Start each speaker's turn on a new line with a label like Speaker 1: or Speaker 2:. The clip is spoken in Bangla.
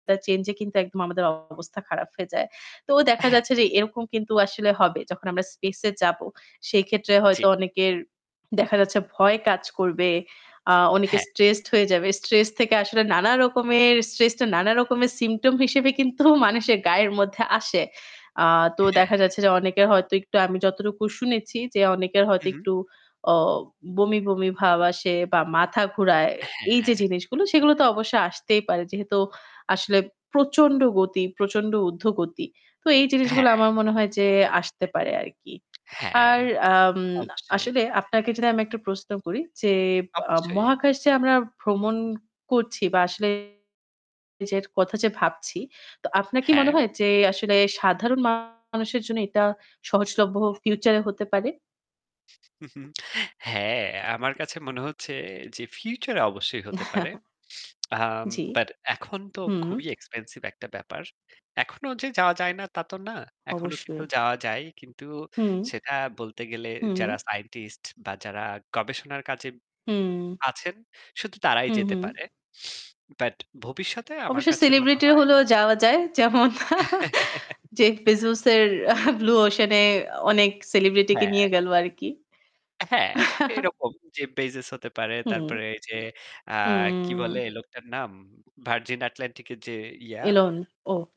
Speaker 1: তা change-এ কিন্তু একদম আমাদের অবস্থা খারাপ হয়ে যায়। তো দেখা
Speaker 2: হ্যাঁ।
Speaker 1: যাচ্ছে যে এরকম কিন্তু আসলে হবে যখন আমরা space-এ যাব। সেই ক্ষেত্রে
Speaker 2: জি।
Speaker 1: হয়তো অনেকের দেখা যাচ্ছে ভয় কাজ করবে, আ অনেকে
Speaker 2: হ্যাঁ।
Speaker 1: stressed হয়ে যাবে। Stress থেকে আসলে নানা রকমের stress টা নান রকমের symptom হিসেবে কিন্তু মানুষের গায়ের মধ্যে আসে। আ তো দেখা
Speaker 2: হ্যাঁ।
Speaker 1: যাচ্ছে যে অনেকের হয়তো একটু আমি যতটুকু শুনেছি যে অনেকের হয়তো
Speaker 2: হুম।
Speaker 1: একটু অ বমি, বমি ভাব আসে বা মাথা ঘুরায়। এই যে
Speaker 2: হ্যাঁ।
Speaker 1: জিনিসগুলো সেগুলো তো অবশ্যই আসতেই পারে। যেহেতু আসলে প্রচণ্ড গতি, প্রচণ্ড ঊর্ধ্বগতি। তো এই জিনিসগুলো
Speaker 2: হ্যাঁ।
Speaker 1: আমার মনে হয় যে আসতে পারে আরকি।
Speaker 2: হ্যাঁ।
Speaker 1: আর আম
Speaker 2: অবশ্যই।
Speaker 1: আসলে আপনাকে যদি আমি একটা প্রশ্ন করি যে বা
Speaker 2: অবশ্যই।
Speaker 1: মহাকাশে আমরা ভ্রমণ করছি বা আসলে যে কথা যে ভাবছি তো আপনার কি মনে
Speaker 2: হ্যাঁ।
Speaker 1: হয় যে আসলে সাধারণ মানুষের জন্য এটা সহজলভ্য future-এ হতে পারে?
Speaker 2: হ্যাঁ। আমার কাছে মনে হচ্ছে যে future-এ অবশ্যই হতে পারে। আম
Speaker 1: জি।
Speaker 2: but এখন তো
Speaker 1: হুম।
Speaker 2: খুবই expensive একটা ব্যাপার। এখনো যে যাওয়া যায় না তা তো না। এখনো কিন্তু
Speaker 1: অবশ্যই।
Speaker 2: যাওয়া যায়। কিন্তু
Speaker 1: হুম।
Speaker 2: সেটা বলতে গেলে
Speaker 1: হুম।
Speaker 2: যারা scientist বা যারা গবেষণার কাজে
Speaker 1: হুম।
Speaker 2: আছেন শুধু তারাই
Speaker 1: হু,
Speaker 2: যেতে
Speaker 1: হুম।
Speaker 2: পারে। But ভবিষ্যতে আমার
Speaker 1: অবশ্য
Speaker 2: কাছে মনে
Speaker 1: celebrity
Speaker 2: হয়
Speaker 1: হলেও যাওয়া যায়। যেমন Jeff Bezos-এর আহ Blue Ocean-এ অনেক celebrityকে
Speaker 2: হ্যাঁ।
Speaker 1: নিয়ে গেল আরকি।
Speaker 2: হ্যাঁ, এরকম যে Bezos হতে পারে
Speaker 1: হুম।
Speaker 2: তারপরে এইযে, আ কি
Speaker 1: হুম।
Speaker 2: বলে লোকটার নাম? Virgin Atlantic-এর যে ইয়া
Speaker 1: Elon ওহ।